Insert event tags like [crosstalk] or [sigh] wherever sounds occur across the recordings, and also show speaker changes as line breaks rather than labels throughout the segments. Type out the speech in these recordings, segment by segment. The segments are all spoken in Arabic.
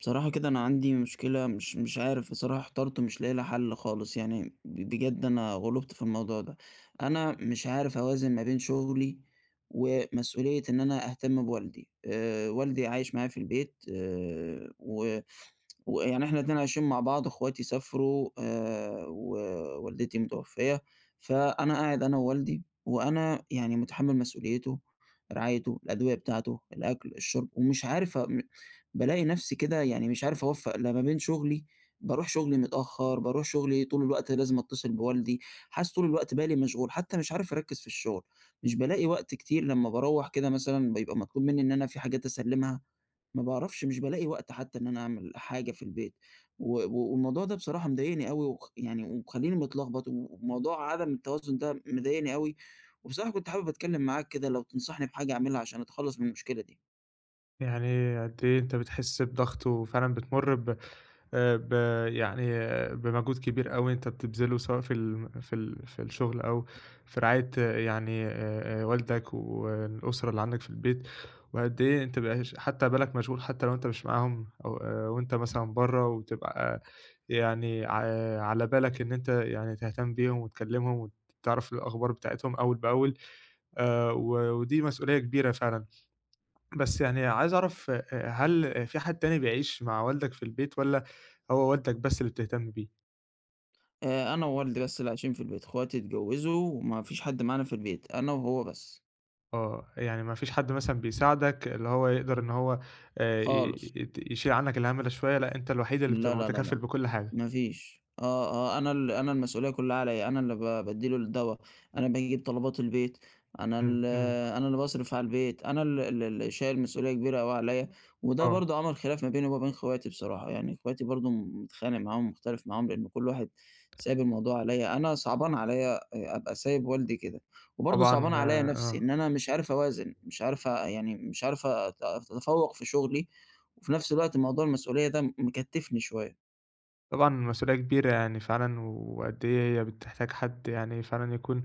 بصراحة كده، أنا عندي مشكلة مش مش عارف بصراحة إحترت مش لاقي لها حل خالص، يعني بجد أنا غُلُبت في الموضوع ده. أنا مش عارف أوازن ما بين شغلي ومسؤولية إن أنا أهتم بوالدي، آآ والدي عايش معايا في البيت، آآ و [tsk] ويعني إحنا الاتنين عايشين مع بعض، أخواتي سافرو آآ و والدتي متوفية، فأنا قاعد أنا ووالدي، وأنا يعني مُتحمل مسؤوليته، رعايته، الأدوية بتاعته، الأكل، الشرب، ومش عارف م بالاقي نفسي كده يعني مش عارف أوفق لا ما بين شغلي، باروح شغلي متأخر، باروح شغلي طول الوقت لازم أتصل بوالدي، حاسس طول الوقت بالي مشغول، حتى مش عارف أركّز في الشغل. مش بالاقي وقت كتير لما باروّح كده مثلًا بيبقى مطلوب مني إن أنا فيه حاجات أسلّمها، ما باعرفش مش بالاقي وقت حتى إن أنا أعمل حاجة في البيت. و والموضوع ده بصراحة مضايقني أوي وخ يعني ومخليني متلغبط وموضوع عدم التوازن ده مضايقني أوي، وبصراحة كنت حابب أتكلم معاك كده، لو تنصحني بحاجة أعملها عشان أتخلص من المشكلة دي.
يعني قد إيه أنتَ بتحس بضغط وفعلًا بتمُر ب آآ ب يعني بمجهود كبير أوي أنتَ بتبذله سواء في ال في ال في الشغل أو في رعاية يعني آآ، آآ والدك والأسرة اللي عندك في البيت، وقد إيه أنتَ بيبقي هش حتى بالك مشغول حتى لو أنتَ مش معاهم، أو آآ وأنتَ مثلًا بره، وبتبقى يعني ع على بالك إن أنتَ يعني تهتم بيهم، وتكلمهم، وتعرف الأخبار بتاعتهم أول بأول، آآ و ودي مسؤولية كبيرة فعلًا، بس يعني عايز أعرف آآ، آآ هل فيه حد تاني بيعيش مع والدك في البيت، والّا هو والدك بس اللي بتهتم بيه؟
آآ، أنا ووالدي بس اللي عايشين في البيت، اخواتي اتجوزوا، وما فيش حد معانا في البيت، أنا وهو بس.
آه، يعني ما فيش حد مثلًا بيساعدك اللي هو يقدر إن هو آآ، ي
خالص.
ي يت يشيل عنك الهمّ ده شوية، لأ، أنت الوحيد اللي
لا
بتبقى
لا لا
متكفِّل
لأ
بكل حاجة.
ما فيش، آه آه أنا ال أنا المسؤولية كلها عليَّا، أنا اللي ب بادّي له الدوا، أنا باجيب طلبات البيت، أنا
إمم،
ال
إمم.
أنا اللي باصرف على البيت، أنا ال ال اللي شايل مسؤولية كبيرة أوي عليَّا، وده
آه.
برضه عمَل خِلاف ما بيني ومابين اخواتي بصراحة، يعني اخواتي برضه متخانق معاهم، مُختلف معاهم، لأنه كل واحد سايب الموضوع عليَّا، أنا صعبان عليَّا آآ أبقى سايب والدي كده، وبرضه صعبان
طبعًا
عليَّا نفسي
آه.
إن أنا مش عارف أوازن مش عارف آآ يعني مش عارف أت أتفوَّق في شغلي، وفي نفس الوقت موضوع المسؤولية ده مكتِّفني شوية.
طبعًا، المسؤولية كبيرة يعني فعلًا، وقد إيه هي بتحتاج حد يعني فعلًا يكون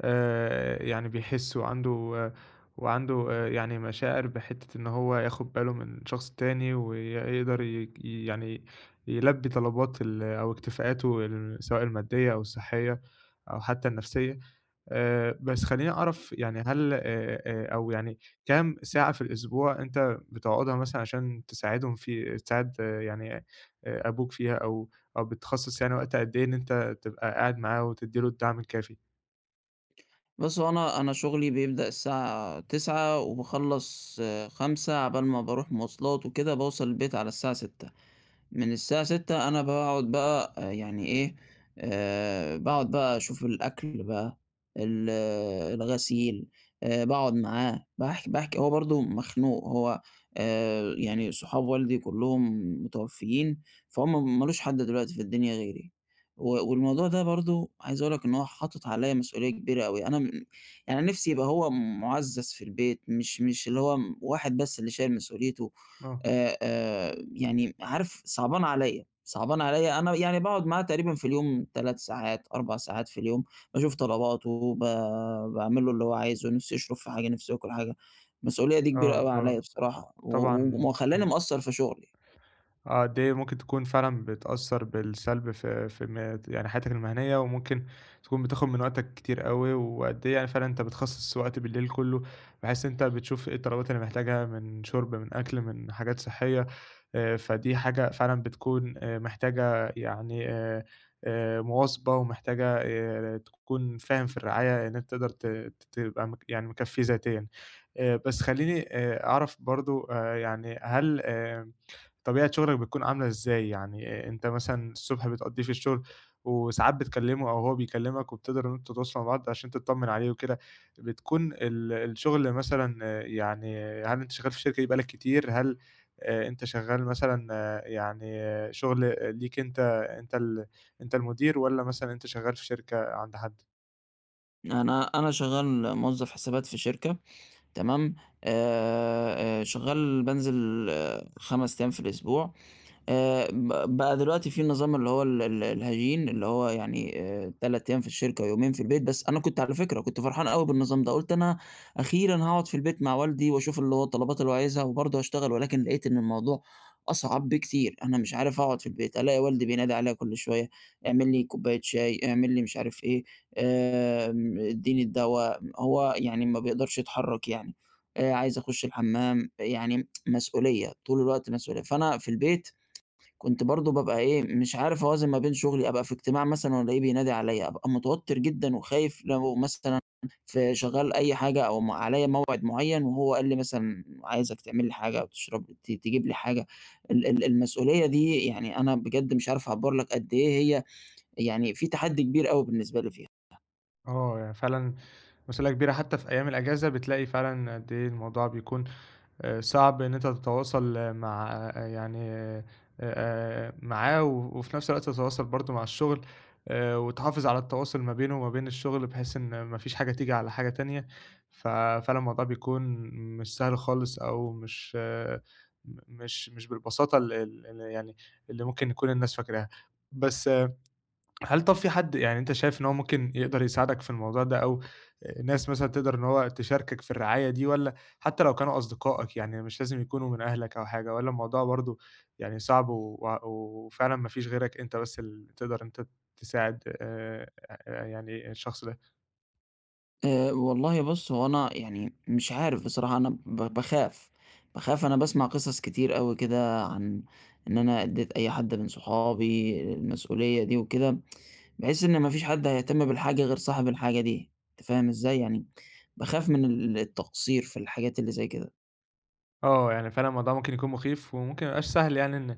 آآ، يعني بيحس وعنده وعنده آآ، يعني مشاعر بِحتّة إن هو ياخد باله من شخص تاني، ويقدر ي ي يعني يلبّي طلبات ال أو اكتفاءاته ال سواء الماديّة أو الصحيّة أو حتى النفسيّة آآ، بس خليني أعرف يعني هل آآ آآ، أو يعني كام ساعة في الأسبوع إن أنت بتقعدها مثلًا عشان تساعدهم في تساعد يعني آآ، أبوك فيها أو أو بتخصَّص يعني وقت قد إيه إن أنت تبقى قاعد معاه، وتدّي له الدعم الكافي؟
بُصّ، هو أنا أنا شُغلي بيبدأ الساعة 09:00، وباخلَّص 17:00، على بال ما باروح مواصلات وكده، باوصل البيت على الساعة 18:00 من الساعة 18:00 أنا باقعد بقى يعني إيه، آآ، باقعد بقى أشوف الأكل بقى، ال الغسيل، آآ باقعد معاه، باحكي باحكي، هو برضه مخنوق، هو آآ، يعني صحاب والدي كلُّهم متوفيين، فهم مالوش حد دلوقتي في الدنيا غيري، و والموضوع ده برضه عايز أقول لك إن هو حاطط عليَّا مسؤوليّة كبيرة أوي، أنا يعني نفسي يبقى هو مُعزَّز في البيت، مش مش اللي هو واحد بس اللي شايل مسؤوليته،
آه.
آآ آآ، يعني عارف صعبان عليَّا صعبان عليَّا، أنا يعني باقعد معاه تقريبًا في اليوم 3 ساعات، 4 ساعات في اليوم، باشوف طلباته، وب باعملُّ له اللي هوعايزُه، نفسه يشرب في حاجة، نفسه ياكُل حاجة، المسؤوليّة دي كبيرة
آه
أوي عليَّا
آه،
بصراحة، و
طبعًا،
و ومخليّاني
امم.
مقصَّر في شغلي.
آه قد إيه ممكن تكون فعلًا بتأثَّر بالسَّلب في في م يعني حياتك المهنيّة، وممكن تكون بتاخد من وقتك كتير أوي، وقد إيه يعني فعلًا أنتَ بتخصص وقت بالليل كلُّه بحيث إن أنت بتشوف إيه الطلبات اللي محتاجها من شُرب، من أكل، من حاجات صحية، آآ فدي حاجة فعلًا بتكون آآ محتاجة يعني آآ، مواظبة، ومحتاجة آآ، تكون فاهم في الرعاية إن أنت تقدر ت تبقى م يعني مكفِّيه ذاتيًا، آآ بس خلّيني أ أعرف برضه آآ يعني هل آآ، طبيعة شُغلَك بتكون عاملة إزاي يعني أنت مثلًا الصُبح بتقضّيه في الشغل، وساعات بتكلِّمه أو هو بيكلِّمك، وبتقدر إن أنتم تتواصلوا مع بعض عشان تطَّمن عليه وكده، بتكون ال الشغل مثلًا يعني هل أنت شغَّال في الشركة دي بقى لك كتير؟ هل أنت شغَّال مثلًا، يعني شغل ليك أنت، أنت ال أنت المدير، والَّا مثلًا أنت شغَّال في شركة عند حد؟
أنا أنا شغال موظّف حسابات في شركة، تمام آآ، شغّال بانزِل آآ 5 أيام في الأسبوع آآ، ب بقى دلوقتي في النظام اللي هو ال ال الهجين، اللي هو يعني آآ 3 أيام في الشركة ويومين في البيت، بس أنا كنت على فكرة، كنت فرحان أوي بالنظام ده، قُلت أنا أخيرًا هاقعُد في البيت مع والدي وأشوف اللي هو الطلبات اللي هو عايزها وبرضه هاشتغل، ولكن لقيت إن الموضوع أصعب بكتير، أنا مش عارف أقعُد في البيت، ألاقي والدي بينادي عليَّ كل شويّة، إعمِل لي كوباية شاي، إعمِل لي مش عارف إيه، آمم إدّيني الدوا، هو يعني ما بيقدَرش يتحرّك يعني، أ عايز أخش الحمّام، يعني [tsk] مسؤولية، طول الوقت مسؤولية، فأنا في البيت كنت برضه بابقى إيه، مش عارف أوازن ما بين شُغلي، أبقى في إجتماع مثلًا وألاقيه بينادي عليَّ ،أبقى متوتَّر جدًا وخايف لو مثلًا في شغّال أي حاجة أو م عليَّ موعِد مُعيّن، وهو قال لي مثلًا عايزك تعمل لي حاجة أو تشرب ت تجيب لي حاجة، ال ال المسؤولية دي يعني أنا بجَد مش عارف أعبّر لك قد إيه هي، يعني في تحدّي كبير أوي بالنسبة لي فيها.
آه، هي يعني فعلًا مسئولية كبيرة حتى في أيّام الأجازة، بتلاقي فعلًا قد إيه الموضوع بيكون أ صعب إن أنت تتواصل مع، يعني آآ، معاه و وفي نفس الوقت تتواصل برضه مع الشغل آآ وتحافظ على التواصُل ما بينه وما بين الشغل، بحيث إن ما فيش حاجة تيجي على حاجة تانية، ف فعلًا الموضوع بيكون مش سهل خالص أو مش مش مش بالبساطة ال ال ال يعني اللي ممكن يكون الناس فاكراها. بس هل طب في حد يعني أنت شايف إن هو ممكن يقدَر يساعدك في الموضوع ده أو ناس مثلًا تقدَر إن هو تشاركك في الرعاية دي والّا، حتى لو كانوا أصدقائك يعني مش لازم يكونوا من أهلك أو حاجة والّا الموضوع برضه يعني صعب، و وفعلًا ما فيش غيرك أنت بس ال تقدَر أنت تساعد آآ يعني الشخص ده؟
آآ، والله بُص، هو أنا يعني مش عارف بصراحة أنا ب باخاف باخاف، أنا باسمع قِصص كتير أوي كده عن إن أنا إدّيت أي حد من صحابي المسؤولية دي وكده، [tsk] باحس إن ما فيش حد هيهتم بالحاجة غير صاحب الحاجة دي، أنت فاهم إزّاي؟ يعني باخاف من ال التقصير في الحاجات اللي زي كده.
آه، يعني فعلًا الموضوع ممكن يكون مُخيف وممكن ما يبقاش سهل، يعني إن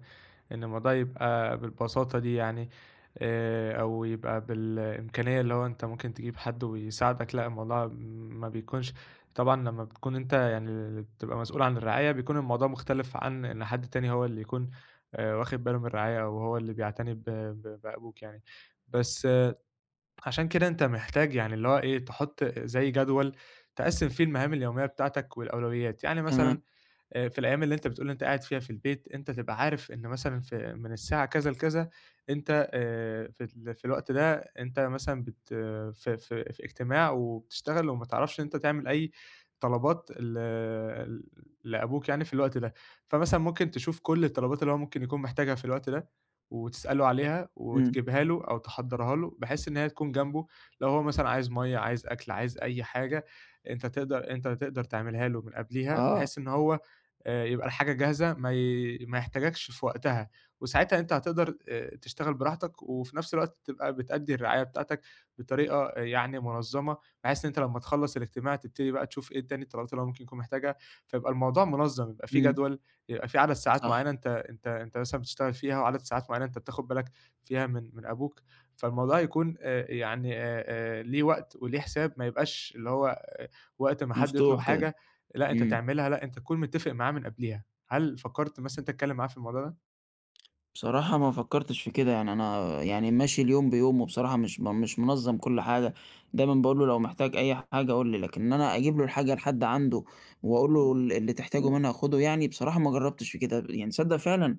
إن الموضوع يبقى بالبساطة دي يعني، آآ أو يبقى بالإمكانيّة اللي هو أنت ممكن تجيب حد ويساعدك، لأ، الموضوع م ما بيكونش طبعًا لما بتكون أنت يعني ال بتبقى مسؤول عن الرعاية، بيكون الموضوع مختلِف عن إن حد تاني هو اللي يكون آآ واخِد بالُه من الرعاية أو هو اللي بيعتني ب ب بأبوك يعني. بس، عشان كده أنت محتاج، يعني اللي هو إيه، تحُط أ زي جدول تقسِّم فيه المهام اليوميّة بتاعتك والأولويات، يعني
تمام.
مثلًا أ في الأيام اللي أنت بتقول أنت قاعد فيها في البيت، أنت تبقى عارف إن مثلًا ف من الساعة كذا لكذا أنت آآ في ال في الوقت ده، أنت مثلًا بت ف ف في إجتماع وبتشتغل وما تعرفش إن أنت تعمل أي طلبات ل لأبوك يعني في الوقت ده. فمثلًا ممكن تشوف كل الطلبات اللي هو ممكن يكون محتاجها في الوقت ده وتسأله عليها
إمم.
وتجيبها له أو تحضَّرها له بحيث إن هي تكون جنبُه، لو هو مثلًا عايز َمَيّة، عايز أكْل، عايز أي حاجة أنت تقدَر أنت تقدَر تعملها له من قبليها،
آه.
بحيث إن هو أ يبقى الحاجة جاهزة ما ي ما يحتاجكش في وقتها، وساعتها أنت هتقدَر أ تشتغل براحتك وفي نفس الوقت تبقى بتأدّي الرعاية بتاعتك بطريقة أ يعني مُنظّمة بحيث إن أنت لمّا تخلّص الإجتماع تبتدي بقى تشوف إيه تاني الطلبات اللي هو ممكن يكون محتاجها، فيبقى الموضوع منظَّم، يبقى في
إمم.
جدول، يبقى فيه عدد ساعات
صح.
معيّنة أنت أنت أنت مثلًا بتشتغل فيها وعدد ساعات معيّنة أنت بتاخد بالك فيها من من أبوك. فالموضوع هيكون آآ يعني أ آآ ليه وقت وليه حساب، ما يبقاش اللي هو وقت ما حد يطلُب
مفتوح كده.
حاجة، لأ أنت
إمم.
تعملها، لأ أنت تكون متّفق معاه من قبليها. هل فكّرت مثلًا إن أنت تتكلّم معاه في الموضوع ده؟
بصراحة، ما فكرتش في كده يعني، أنا يعني ماشي اليوم بيومُه بصراحة، مش مش منظَّم كل حاجة، دايمًا باقول له: "لو محتاج أي حاجة، قل لي." لكن إن أنا أجيب له الحاجة لحد عنده وأقول له ال اللي تحتاجُه منها خدُه يعني، بصراحة ما جرّبتش في كده، يعني تصدَّق فعلًا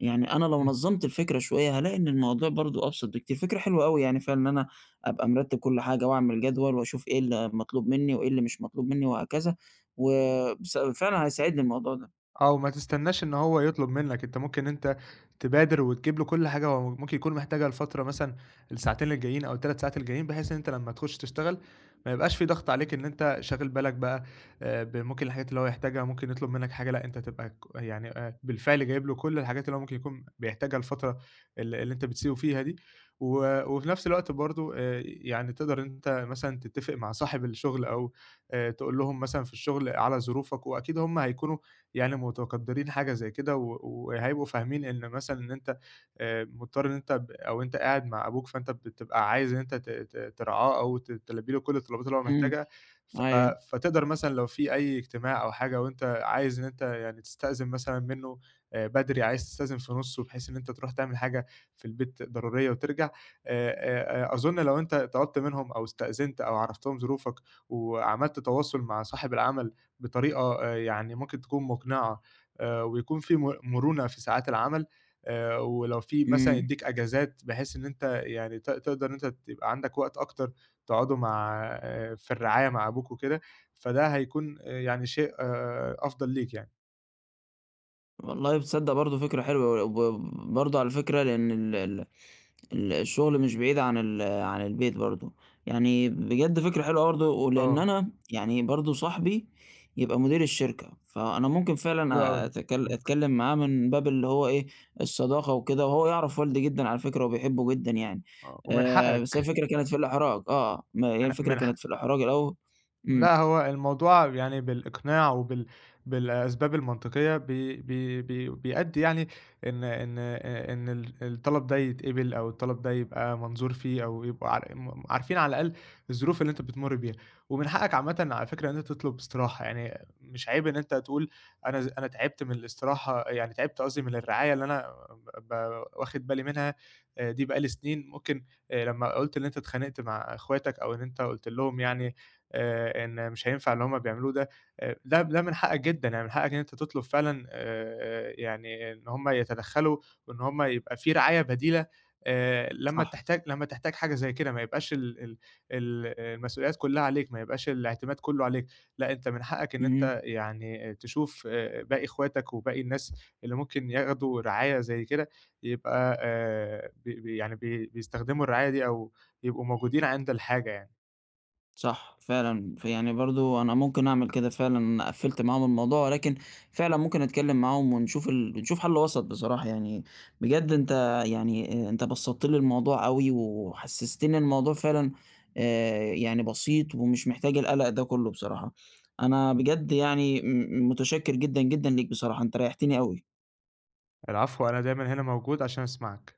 يعني أنا لو
امم.
نظَّمت الفكرة شوية، هالاقي إن الموضوع برضه أبسط بكتير. فكرة حلوة أوي يعني فعلًا إن أنا أبقى مرتِّب كل حاجة وأعمل جدول وأشوف إيه اللي مطلوب مني، وإيه اللي مش مطلوب مني وهكذا، و بس فعلًا هيساعدني الموضوع ده.
أو ما تستنّاش إن هو يطلب منك، أنت ممكن أنت تبادر وتجيب لُه كل حاجة هو م ممكن يكون محتاجها لفترة مثلًا الساعتين الجايين أو ال3 ساعات الجايين، بحيث إن أنت لمَّا تخش تشتغل ما يبقاش في ضغط عليك إن أنت شاغل بالك بقى آآ، بممكن الحاجات اللي هو يحتاجها، ممكن يطلب منك حاجة، لأ، أنت تبقى ك يعني أ بالفعل جايب لُه كل الحاجات اللي هو ممكن يكون بيحتاجها الفترة ال اللي أنت بتسيبُه فيها دي، و وفي نفس الوقت برضه آآ، يعني تقدر إن أنت مثلًا تتِّفق مع صاحب الشغل أو آآ، تقول لهم مثلًا في الشغل على ظروفك، وأكيد هم هيكونوا يعني متقدّرين حاجة زي كده، و وهيبقوا فاهمين إن مثلًا إن أنت آآ، مُضطّر إن أنت ب أو أنت قاعد مع أبوك، فأنت بت بتبقى عايز إن أنت ت ت ترعاه أو ت تلبّي لُه كل الطلبات اللي هو
امم،
محتاجها، ف
أيوه.
فتقدر مثلًا لو في أي اجتماع أو حاجة وأنت عايز إن أنت يعني تستأذن مثلًا منه آآ، بدري، عايز تستأذن في نُصُّه بحيث إن أنت تروح تعمل حاجة في البيت ضرورية وترجع آآ، آآ، آآ، أظُن لو أنت طلبت منهم أو استأذنت أو عرَّفتهم ظروفك وعملت تواصل مع صاحب العمل بطريقة آآ، يعني ممكن تكون مقنعة آآ، ويكون في م مرونة في ساعات العمل، آآ، ولو في مثلًا
امم.
يدّيك أجازات بحيث إن أنت يعني ت تقدر أنت تبقى عندك وقت أكتر تقعده مع في الرعاية مع أبوك وكده، فده هيكون آآ، يعني شيء أفضل ليك يعني.
والله تصدَّق برضه فكرة حلوة وي وب برضه على الفكرة لأن ال ال ال الشغل مش بعيد عن ال عن البيت برضه، يعني بجد فكرة حلوة برضه، ولإن
آه.
أنا يعني برضه صاحبي يبقى مدير الشركة، فأنا ممكن
حلو
فعلًا
أوي.
أتك
امم.
أتكلّم معاه من باب اللي هو إيه، الصداقة وكده، وهو يعرف والدي جدًا على فكرة وبيحبُّه جدًا يعني،
آه ومن
آآ بس هي
حقك.
الفكرة كانت في الإحراج، آه، ما هي
من
الفكرة
من ح
كانت في الأحراج الأوّ امم.
لأ، هو الموضوع يعني بالإقناع وبال بالأسباب المنطقيّة، ب ب ب بيأدّي يعني إن إن أ إن ال الطلَب ده يتقبِل أو الطلَب ده يبقى منظور فيه, أو يبقى ع م عارفين على الأقل الظروف اللي أنت بتمُرّ بيها، ومن حقّك عامةً على فكرة إن أنت تطلُب إستراحة، يعني مش عيب إن أنت تقول أنا ز أنا تعِبت من الإستراحة، يعني تعِبت قصدي من الرعاية اللي أنا ب ب واخِد بالي منها أ دي بقى لي سنين، ممكن آآ لمّا قُلت إن أنت اتخانقت مع إخواتك أو إن أنت قُلت لهم يعني آآ، إن مش هينفَع اللي هُم بيعملوه ده، أ ده ده من حقّك جدًا، يعني من حقّك إن أنت تطلُب فعلًا أ أ يعني إن هُم يتدخّلوا وإن هُم يبقى في رعاية بديلة، آآ لمّا
صح.
تحتاج لمّا تحتاج حاجة زي كده ما يبقاش ال ال ال المسؤوليّات كُلّها عليك، ما يبقاش الإعتماد كُلّه عليك، لأ أنت من حقّك إن
اهم.
أنت يعني تشوف أ باقي إخواتك، وباقي الناس اللي ممكن ياخدوا رعاية زي كده، يبقى آآ، ب ب يعني ب بيِستخدموا الرعاية دي أو يبقوا موجودين عند الحاجة يعني.
صح. فعلًا، فيعني برضه أنا ممكن أعمل كده فعلًا. قفِّلت معاهم الموضوع ولكن فعلًا ممكن أتكلّم معاهم ونشوف ال ونشوف حل وسَط بصراحة يعني، بجد أنت يعني، أنت بسَّطت لي الموضوع أوي وحسّستني الموضوع فعلًا، آآ يعني بسيط ومش محتاج القلق ده كُلّه بصراحة، أنا بجد يعني م متشكِّر جدًا، جدًا ليك. بصراحة أنت ريّحتني أوي.
العفو، أنا دايمًا هنا موجود عشان أسمَعك.